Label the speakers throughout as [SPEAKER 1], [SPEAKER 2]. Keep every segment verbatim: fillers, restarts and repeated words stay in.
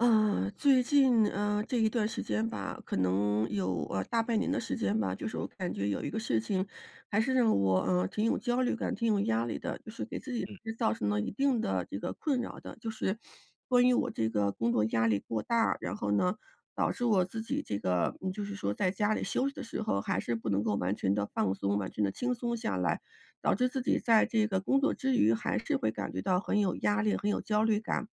[SPEAKER 1] 嗯，最近，呃，这一段时间吧，可能有，呃，大半年的时间吧，就是我感觉有一个事情还是让我，呃，挺有焦虑感，挺有压力的。就是给自己
[SPEAKER 2] 嗯。
[SPEAKER 1] 其实造成了一定的这个困扰的，就是关于我这个工作压力过大，然后呢，导致我自己这个，嗯，就是说在家里休息的时候还是不能够完全地放松，完全地轻松下来，导致自己在这个工作之余，还是会感觉到很有压力，很有焦虑感。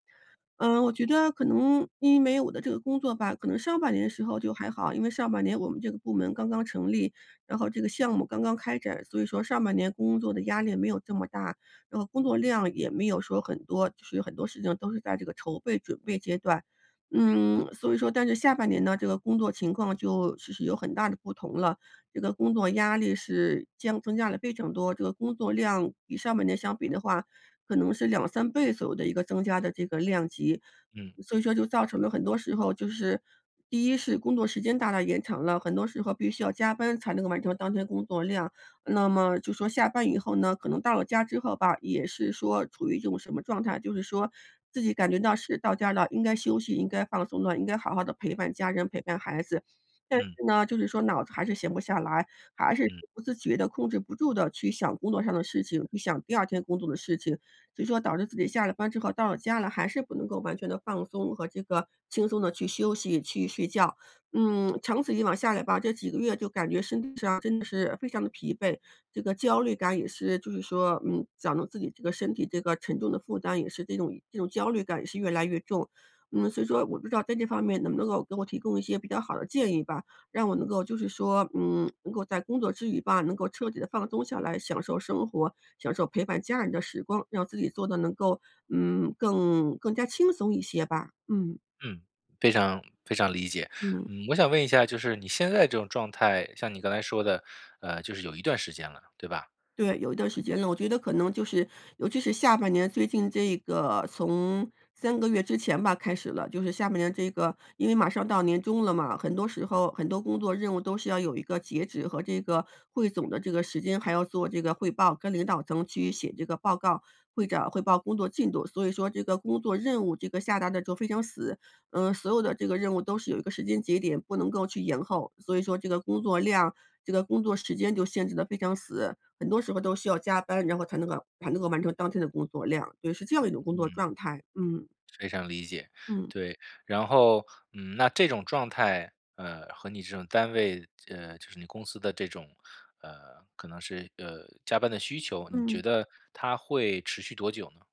[SPEAKER 1] 嗯，我觉得可能因为我的这个工作吧，可能上半年的时候就还好，因为上半年我们这个部门刚刚成立，然后这个项目刚刚开展，所以说上半年工作的压力没有这么大，然后工作量也没有说很多，就是有很多事情都是在这个筹备、准备阶段。嗯，所以说但是下半年呢，这个工作情况就其实有很大的不同了，这个工作压力是将增加了非常多，这个工作量比上半年相比的话，可能是两三倍左右的一个增加的这个量级。
[SPEAKER 2] 嗯。
[SPEAKER 1] 所以说就造成了很多时候就是第一是工作时间大大延长了，很多时候必须要加班才能够完成当天的工作量，那么就说下班以后呢，可能到了家之后吧，也是说处于一种什么状态，就是说自己感觉到是到家了，应该休息、应该放松了，应该好好地陪伴家人、陪伴孩子，但
[SPEAKER 2] 嗯。
[SPEAKER 1] 是呢，就是说脑子还是闲不下来，还是
[SPEAKER 2] 嗯。
[SPEAKER 1] 不自觉地控制不住地去想工作上的事情，去想第二天工作的事情，所以说导致自己下了班之后到了家了，还是不能够完全地放松和这个轻松地去休息、去睡觉。嗯，长此以往下来吧，这几个月就感觉身体上真的是非常地疲惫，这个焦虑感也是，就是说，嗯，想到自己这个身体这个沉重的负担也是这种这种焦虑感也是越来越重。嗯，所以说我不知道在这方面能不能够给我提供一些比较好的建议吧，让我能够就是说，嗯，能够在工作之余吧，能够彻底地放松下来，享受生活，享受陪伴家人的时光，让自己做得能够，嗯，更更加轻松一些吧，嗯。
[SPEAKER 2] 嗯，非常非常理解。
[SPEAKER 1] 嗯。
[SPEAKER 2] 嗯，我想问一下，就是你现在这种状态，像你刚才说的，呃，就是有一段时间了，对吧？
[SPEAKER 1] 对，有一段时间了，我觉得可能就是尤其是下半年最近这个从三个月之前吧开始了，就是下半年这个因为马上到年终了嘛，很多时
[SPEAKER 2] 嗯。
[SPEAKER 1] 候，很多工作任务都是要有一个截止和这个汇总的这个时间，还要做这个汇报，跟领导层去写这个报告，会长汇报工作进度，所以说这个工作任务这个下达得就非常死，嗯，所有的这个任务都是有一个时间节点，不能够去延后，所以说这个工作量，这个工作时间就限制得非常死。很多时候都需要加班，然后才能够才能够完成当天的工作量。所以是这样一种工作
[SPEAKER 2] 嗯。
[SPEAKER 1] 状态，嗯。
[SPEAKER 2] 非常理解，
[SPEAKER 1] 嗯。
[SPEAKER 2] 对，然后，嗯，那这种状态，呃，和你这种单位，呃，就是你公司的这种，呃，可能是，呃，加班的需求，你觉
[SPEAKER 1] 嗯。
[SPEAKER 2] 得它会持续多久呢？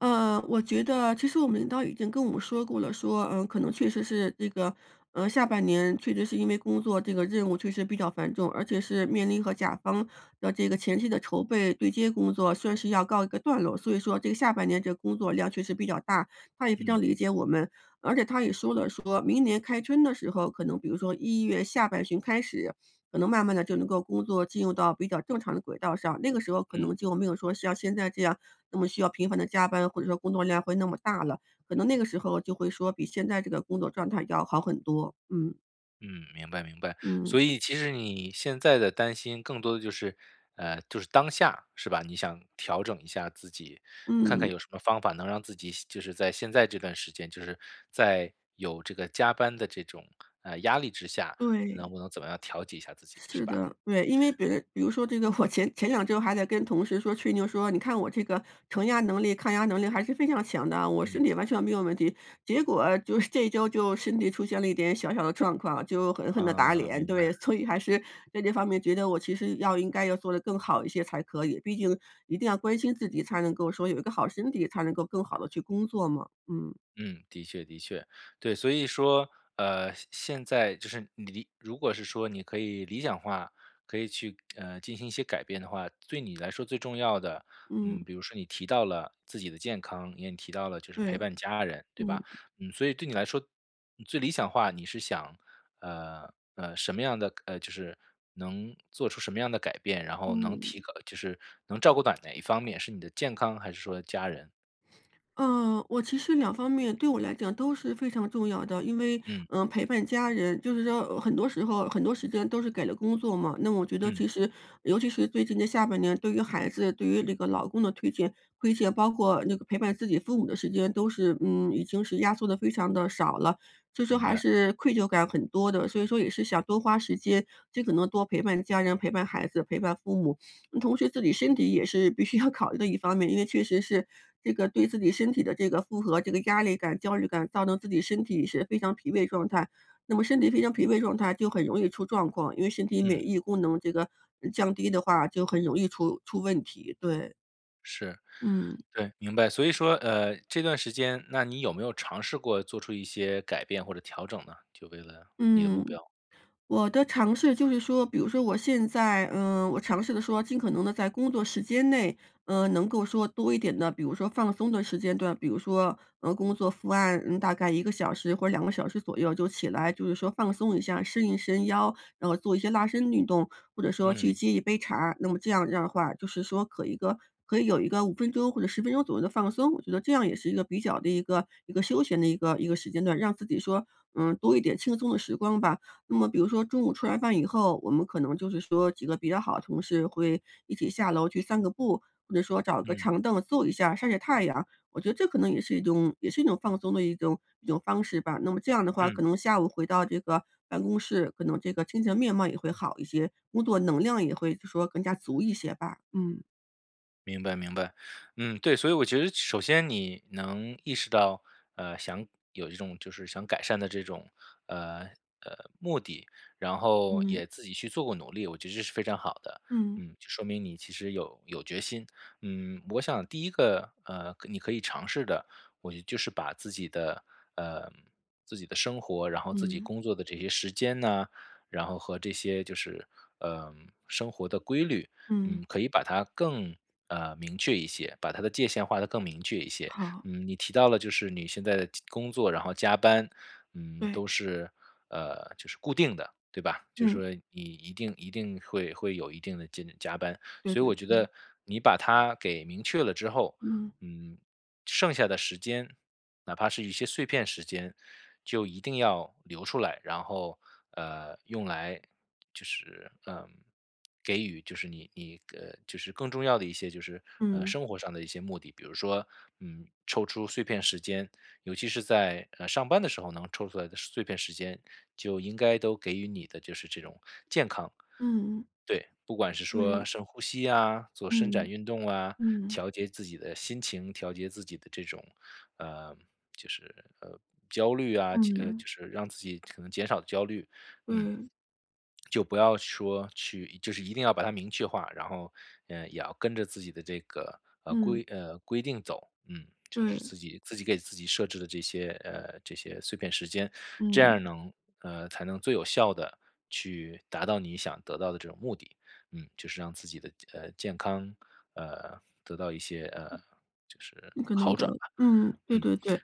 [SPEAKER 1] 呃，我觉得其实我们领导已经跟我们说过了，说，呃，可能确实是这个，呃，下半年确实是因为工作这个任务确实比较繁重，而且是面临和甲方的这个前期的筹备对接工作算是要告一个段落，所以说这个下半年这个工作量确实比较大，他也非常
[SPEAKER 2] 嗯。
[SPEAKER 1] 理解我们。而且他也说了，说明年开春的时候，可能比如说一月下半旬开始，可能慢慢地就能够工作进入到比较正常的轨道上，那个时候可
[SPEAKER 2] 嗯。
[SPEAKER 1] 能就没有说像现在这样那么需要频繁地加班，或者说工作量会那么大了，可能那个时候就会说比现在这个工作状态要好很多，嗯。
[SPEAKER 2] 嗯，明白明白，
[SPEAKER 1] 嗯。
[SPEAKER 2] 所以其实你现在的担心更多的就是呃，就是当下是吧，你想调整一下自己，看看
[SPEAKER 1] 嗯。
[SPEAKER 2] 有什么方法能让自己现就是在现在这段时间，就是在有这个加班的这种，呃，压力之下，
[SPEAKER 1] 对。
[SPEAKER 2] 能不能怎么样调节一下自己是
[SPEAKER 1] 是
[SPEAKER 2] 吧？
[SPEAKER 1] 的，对，因为别比如说这个我前前两周还在跟同事说吹牛说，你看我这个承压能力、抗压能力还是非常强的啊，我身
[SPEAKER 2] 嗯。
[SPEAKER 1] 体完全没有问题，结果就是这一周就身体出现了一点小小的状况，就狠狠地打
[SPEAKER 2] 嗯，
[SPEAKER 1] 脸。
[SPEAKER 2] 明白。
[SPEAKER 1] 对，所以还是在这方面觉得我其实要应该要做的更好一些才可以，毕竟一定要关心自己，才能够说有一个好身体，才能够更好的去工作嘛，嗯。
[SPEAKER 2] 嗯，的确的确，对，所以说，呃，现现在就是你你如果是说你可以理想化，可以去，呃，进行一些改变的话，对你来说最重要的，嗯，
[SPEAKER 1] 嗯。
[SPEAKER 2] 比如说你提到了自己的健康，你也提到了就是陪
[SPEAKER 1] 对，
[SPEAKER 2] 伴家人对
[SPEAKER 1] 嗯。
[SPEAKER 2] 吧？嗯，所以对你来说最理想化你是想，呃，呃，什么样的呃，就是能做出什么样的改变，然后能
[SPEAKER 1] 嗯。
[SPEAKER 2] 提高就是能照顾到哪一方面，是你的健康还是说家人？
[SPEAKER 1] 呃，我其实两方面，对我来讲都是非常重要的，因为，
[SPEAKER 2] 嗯。
[SPEAKER 1] 呃，陪伴家人，就是说很多时候，很多时间都是给了工作嘛，那我觉得
[SPEAKER 2] 嗯。
[SPEAKER 1] 其实尤其是最近的下半年，对于孩子、对于这个老公的推卸推卸，包括那个陪伴自己父母的时间都是，嗯，已经是压缩的非常地少了，所以说
[SPEAKER 2] 明
[SPEAKER 1] 还
[SPEAKER 2] 白。
[SPEAKER 1] 是愧疚感很多的，所以说也是想多花时间，尽可能多陪伴家人、陪伴孩子、陪伴父母。同时自己身体也是必须要考虑的一方面，因为确实是，这个对自己身体的这个负荷，这个压力感、焦虑感，造成自己身体是非常疲惫状态，那么身体非常疲惫状态就很容易出状况，因为身体
[SPEAKER 2] 嗯。
[SPEAKER 1] 免疫功能这个降低的话就很容易出出问题，对。
[SPEAKER 2] 是，
[SPEAKER 1] 嗯。
[SPEAKER 2] 对，明白，所以说，呃，这段时间，那你有没有尝试过做出一些改变或者调整呢？就为了你的目
[SPEAKER 1] 嗯，
[SPEAKER 2] 标。
[SPEAKER 1] 我的尝试就是说，比如说我现在，嗯，我尝试的说尽可能的在工作时间内，呃，能够说多一点的，比如说放松的时间段，比如说，呃，工作伏案，嗯，大概一个小时或两个小时左右就起来，就是说放松一下，伸一伸腰，然后做一些拉伸运动，或者说去
[SPEAKER 2] 嗯。
[SPEAKER 1] 接一杯茶，那么这样的话就是说，可一个可以有一个五分钟或者十分钟左右的放松，我觉得这样也是一个比较的一个一个休闲的一个一个时间段，让自己说，嗯，多一点轻松的时光吧。那么比如说中午吃完饭以后，我们可能就是说几个比较好的同事会一起下楼去散个步，或者说找个
[SPEAKER 2] 嗯。
[SPEAKER 1] 长凳坐一下晒晒太阳，我觉得这可能也是一种也是一种放松的一种一种方式吧，那么这样的话可
[SPEAKER 2] 嗯。
[SPEAKER 1] 能下午回到这个办公室，可能这个精神面貌也会好一些，工作能量也会就说更加足一些吧，嗯。
[SPEAKER 2] 明白，明白。嗯，对，所以我觉得首先你能意识到，呃，想有一种就是想改善的这种，呃，呃，目的，然后
[SPEAKER 1] 嗯。
[SPEAKER 2] 也自己去做过努力，我觉得这是非常好的，
[SPEAKER 1] 嗯。
[SPEAKER 2] 嗯，就说明你其实有有决心。嗯，我想第一个，呃，可你可以尝试的，我觉得就是把自己的呃，自己的生活，然后自己
[SPEAKER 1] 嗯。
[SPEAKER 2] 工作的这些时间呐，然后和这些就是，呃，生活的规律，
[SPEAKER 1] 嗯。
[SPEAKER 2] 嗯，可以把它更，呃，明确一些，把它的界线划得更明确一些。
[SPEAKER 1] 好。
[SPEAKER 2] 嗯，你提到了就是你现在的工作，然后加班，嗯，
[SPEAKER 1] 对。
[SPEAKER 2] 都是，呃，就是固定的，对吧，就
[SPEAKER 1] 嗯。
[SPEAKER 2] 说你一定一定会会有一定的加加班。
[SPEAKER 1] 对，
[SPEAKER 2] 所以
[SPEAKER 1] 对，
[SPEAKER 2] 我觉
[SPEAKER 1] 对。
[SPEAKER 2] 得你把它给明确了之后，
[SPEAKER 1] 嗯。
[SPEAKER 2] 嗯，剩下的时间，哪怕是一些碎片时间就一定要留出来，然后，呃，用来就是，呃，给予就是你你，呃，就是更重要的一些就是，呃，
[SPEAKER 1] 嗯。
[SPEAKER 2] 生活上的一些目的。比如说，嗯，抽出碎片时间，尤其是在，呃，上班的时候能抽出来的碎片时间，就应该都给予你的就是这种健康。
[SPEAKER 1] 嗯嗯。
[SPEAKER 2] 对，不管是说
[SPEAKER 1] 对。
[SPEAKER 2] 深呼吸啊，做伸展
[SPEAKER 1] 嗯，
[SPEAKER 2] 运动啊，
[SPEAKER 1] 嗯。
[SPEAKER 2] 调节自己的心情，调节自己的这种呃，就是，呃，焦虑啊，其呃，
[SPEAKER 1] 嗯。
[SPEAKER 2] 就是让自己可能减少焦虑，嗯。
[SPEAKER 1] 对。
[SPEAKER 2] 就不要说去就是一定要把它明确化，然后，呃，也要跟着自己的这个，呃，
[SPEAKER 1] 嗯。
[SPEAKER 2] 规呃，规定走，嗯，就是
[SPEAKER 1] 对。
[SPEAKER 2] 自己自己给自己设置的这些呃，这些碎片时间。这
[SPEAKER 1] 嗯。
[SPEAKER 2] 样能呃，才能最有效地去达到你想得到的这种目的，嗯，就是让自己的，呃，健康，呃，得到一些，呃，就是
[SPEAKER 1] 不可能
[SPEAKER 2] 好转
[SPEAKER 1] 的。
[SPEAKER 2] 吧，
[SPEAKER 1] 嗯，对
[SPEAKER 2] 嗯。
[SPEAKER 1] 对对。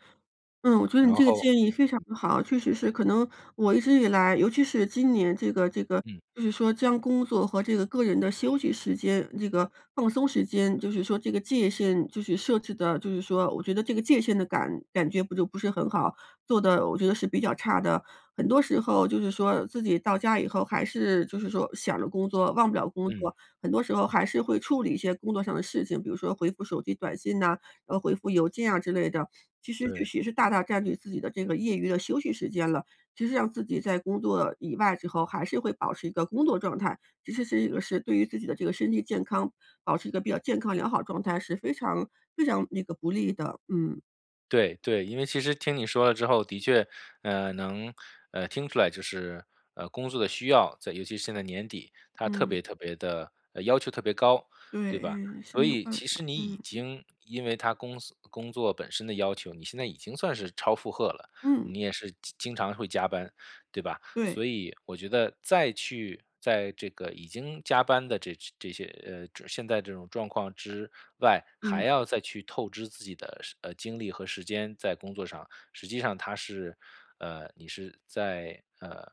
[SPEAKER 1] 嗯，我觉得
[SPEAKER 2] 然
[SPEAKER 1] 你这个
[SPEAKER 2] 后
[SPEAKER 1] 建议非常
[SPEAKER 2] 嗯。
[SPEAKER 1] 地好。确实是可能我一直以来，尤其是今年这个这个
[SPEAKER 2] 嗯。
[SPEAKER 1] 就是说将工作和这个个人的休息时间，这个放松时间，就是说，这个界限就是设置得就是说我觉得这个界限的感感觉不就不是很好，做得我觉得是比较差的。很多时候就是说自己到家以后还是就是说想着工作，忘不了工
[SPEAKER 2] 嗯。
[SPEAKER 1] 作，很多时候还是会处理一些工作上的事情，比如说回复手机短信呐，然后回复邮件啊之类的。其实这
[SPEAKER 2] 对。
[SPEAKER 1] 是也是大大占据自己的这个业余的休息时间了，其实让自己在工作以外之后还是会保持一个工作状态，其实是一个是对于自己的这个身体健康保持一个比较健康良好状态是非常非常那个不利的。嗯。
[SPEAKER 2] 对对，因为其实听你说了之后，的确，呃，能，呃，听出来就是呃，工作的需要，在尤其是现在年底，它特
[SPEAKER 1] 嗯。
[SPEAKER 2] 别特别地呃，要求特别高，
[SPEAKER 1] 对，
[SPEAKER 2] 对吧？
[SPEAKER 1] 哎，是
[SPEAKER 2] 所
[SPEAKER 1] 你一种
[SPEAKER 2] 以
[SPEAKER 1] 办
[SPEAKER 2] 其实
[SPEAKER 1] 法，
[SPEAKER 2] 你已
[SPEAKER 1] 嗯。
[SPEAKER 2] 经因为它公司工作本身的要求，你现在已经算是超负荷了，
[SPEAKER 1] 嗯。
[SPEAKER 2] 你也是经经常会加班，对吧？
[SPEAKER 1] 对。
[SPEAKER 2] 所以我觉得，再去在这个已经加班的这这些呃，这现在这种状况之外，还
[SPEAKER 1] 嗯。
[SPEAKER 2] 要再去透支自己的是呃，精力和时间在工作上，实际上它是呃，你是在，呃，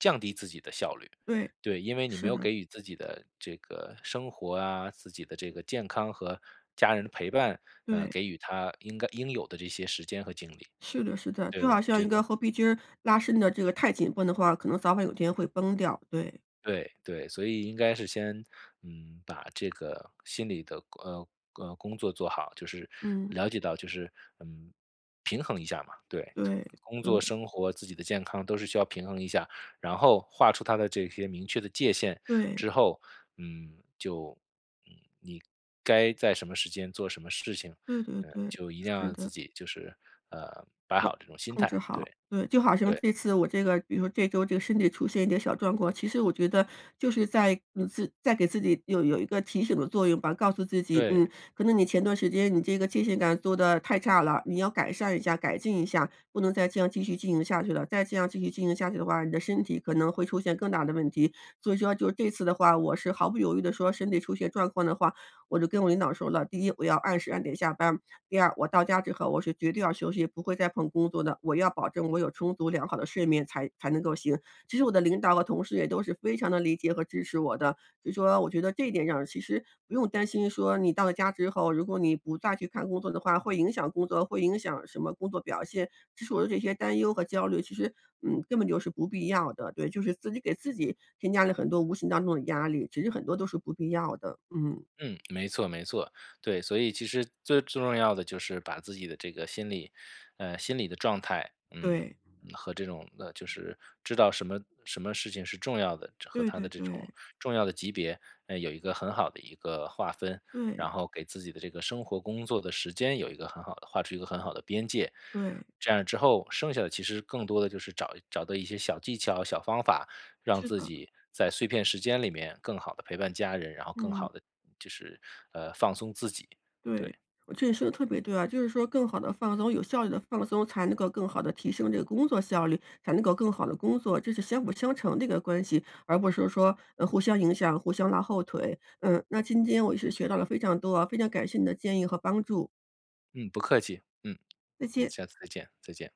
[SPEAKER 2] 降低自己的效率。
[SPEAKER 1] 对，
[SPEAKER 2] 对，因为你没
[SPEAKER 1] 是
[SPEAKER 2] 有
[SPEAKER 1] 的。
[SPEAKER 2] 给予自己的这个生活啊，自己的这个健康和家人的陪伴，呃，
[SPEAKER 1] 对。
[SPEAKER 2] 给予它应该应有的这些时间和精力。
[SPEAKER 1] 是的是的，
[SPEAKER 2] 对，
[SPEAKER 1] 就好
[SPEAKER 2] 我
[SPEAKER 1] 像
[SPEAKER 2] 觉
[SPEAKER 1] 一
[SPEAKER 2] 得
[SPEAKER 1] 个猴皮筋儿，拉伸得这个太紧绷的话，可能早晚有一天会崩掉，对。
[SPEAKER 2] 对，对，所以应该是先，嗯，把这个心里的，呃，呃，工作做好，就是
[SPEAKER 1] 嗯。
[SPEAKER 2] 了解到就是嗯，平衡一下嘛。对，
[SPEAKER 1] 对，
[SPEAKER 2] 工
[SPEAKER 1] 对。
[SPEAKER 2] 作生活，自己的健康都是需要平衡一下，然后划出它的这些明确的界限
[SPEAKER 1] 对。
[SPEAKER 2] 之后，嗯，就嗯，你该在什么时间做什么事情，
[SPEAKER 1] 对对
[SPEAKER 2] 呃，
[SPEAKER 1] 对，
[SPEAKER 2] 就一定要
[SPEAKER 1] 是
[SPEAKER 2] 让自
[SPEAKER 1] 的。
[SPEAKER 2] 己就是呃，摆
[SPEAKER 1] 对，
[SPEAKER 2] 好这种心
[SPEAKER 1] 控
[SPEAKER 2] 态，
[SPEAKER 1] 制好，
[SPEAKER 2] 对，
[SPEAKER 1] 对，就好像
[SPEAKER 2] 对。
[SPEAKER 1] 这次，我这个比如说这周这个身体出现一些小状况，其实我觉得，就是在嗯，自在给自己有有一个提醒的作用吧，告诉自己，嗯，
[SPEAKER 2] 对。
[SPEAKER 1] 可能你前段时间，你这个界限感做得太差了，你要改善一下、改进一下，不能再这样继续进行下去了，再这样继续进行下去的话，你的身体可能会出现更大的问题。所以说就是这次的话，我是毫不犹豫地说，身体出现状况的话，我就跟我领导说了，第一，我要按时按点下班，第二，我到家之后，我是绝对要休息，不会再碰工作的，我要保证我有充足良好的睡眠才才能够行。其实我的领导和同事，也都是非常地理解和支持我的，所以说，我觉得这一点上，其实不用担心说你到了家之后，如果你不再去看工作的话，会影响工作，会影响什么工作表现，其实我的这些担忧和焦虑，其实嗯，根本就是不必要的。对，就是自己给自己，添加了很多无形当中的压力，其实很多都是不必要的，嗯。
[SPEAKER 2] 嗯，没错没错，对，所以其实最重要的，就是把自己的这个心理呃，心理的状态，嗯，
[SPEAKER 1] 对。
[SPEAKER 2] 和这种呃，就是知道什么什么事情是重要的，这和
[SPEAKER 1] 对
[SPEAKER 2] 它
[SPEAKER 1] 对
[SPEAKER 2] 的这种
[SPEAKER 1] 对。
[SPEAKER 2] 重要的级别，嗯，有一个很好的一个划分，
[SPEAKER 1] 对。
[SPEAKER 2] 然后给自己的这个生活工作的时间，有一个很好的划出一个很好的边界。
[SPEAKER 1] 对。
[SPEAKER 2] 这样之后，剩下的其实更多的，就是找找到一些小技巧、小方法，让
[SPEAKER 1] 是
[SPEAKER 2] 自
[SPEAKER 1] 的。
[SPEAKER 2] 己在碎片时间里面，更好地陪伴家人，然后更
[SPEAKER 1] 嗯。
[SPEAKER 2] 好地就是，呃，放松自己，
[SPEAKER 1] 对，
[SPEAKER 2] 对。
[SPEAKER 1] 我觉得你说得特别对啊，就是说更好地放松，有效率地放松，才能够更好地提升这个工作效率，才能够更好地工作。这是相辅相成的一个关系，而不是说，呃，互相影响、互相拉后腿。嗯，那今天我是学到了非常多，非常感谢你的建议和帮助。
[SPEAKER 2] 嗯，不客气，嗯，
[SPEAKER 1] 再见。
[SPEAKER 2] 下次再见，再见。